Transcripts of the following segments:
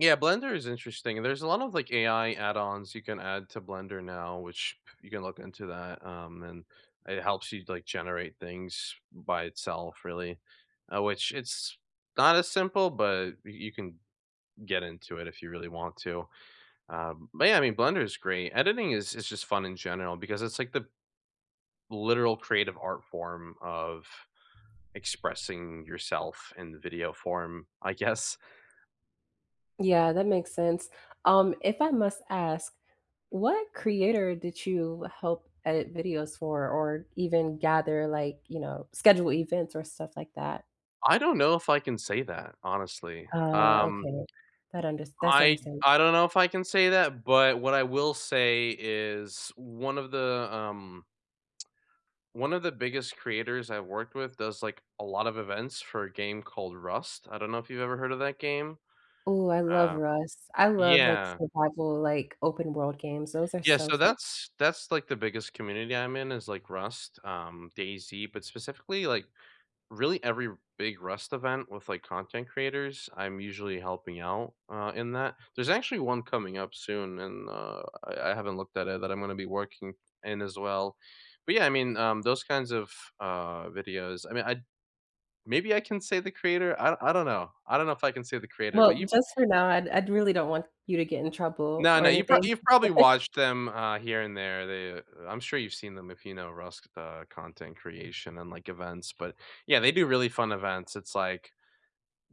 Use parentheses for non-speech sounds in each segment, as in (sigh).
Yeah, Blender is interesting, there's a lot of, like, AI add-ons you can add to Blender now, which you can look into that, um, and, it helps you, like, generate things by itself, really, uh, which it's, not as simple, but y you can get into it if you really want to. Um, but, yeah, I mean, Blender is great. Editing is is just fun in general because it's like the literal creative art form of expressing yourself in the video form, I guess? Yeah, that makes sense. Um, if I must ask, what creator did you help edit videos for, or, even, gather, like, you know, schedule events or stuff like that? I don't know if I can say that, honestly. Uh, Um okay. That under that's I understand I don't know if I can say that, but what I will say is one of the, um one of the biggest creators I worked with does, like, a lot of events for a game called Rust, I don't know if you've ever heard of that game? Ooh, I love Uh Rust. I love, like, Yeah. survival, like, open-world games, those are Yeah, so so fu that's that's, like the biggest community I'm in is, like, Rust, um, Daisy, but specifically, like, really every big Rust event with, like, content creators, I'm usually helping out, uh, in that there's actually one coming up soon and, uh, I I haven't looked at it, that I'm gonna be working in, as well. But yeah, I mean, um, those kinds of, uh, videos, I mean, I maybe I can say the creator? I I don't know. I don't know if I can say the creator, but Well, you just for now, I'd I'd really don't want you to get in trouble No, or no, you've prob anything. you've probably (chuckles) watched them, uh, here and there, they I'm sure you've seen them if you know Rust, uh, content creation and, like, events, but, yeah, they do really fun events, it's, like,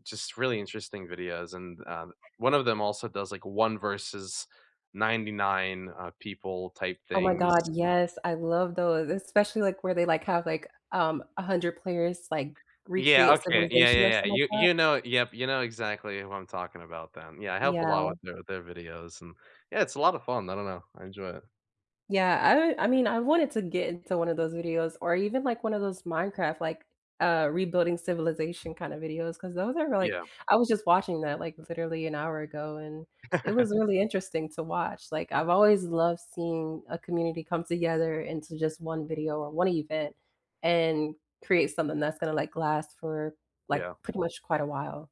just really interesting videos, and, um, one of them also does, like, one versus 99, uh, people type Oh my things. god, yes, I love those, especially, like, where they, like, have, like, um, 100 players, like, Yeah, recreate okay, yeah, civilization, or yeah, yeah, something like you that? you know yep, you know exactly who I'm talking about, then, yeah, I helped a lot Yeah. with the their videos, and yeah, it's a lotta fun, I don't know, I enjoy it. Yeah, I I mean, I wanted to get into one of those videos or even, like, one of those Minecraft, like, uh, rebuilding civilization, kinda videos, 'cause those are, like Yeah. I was just watching that, like, literally an hour ago, and it was (chuckles) really interesting to watch, like, I've always loved seeing a community come together into just one video or one event and create something that's gonna, like, last for, like, Yeah. pretty much quite a while.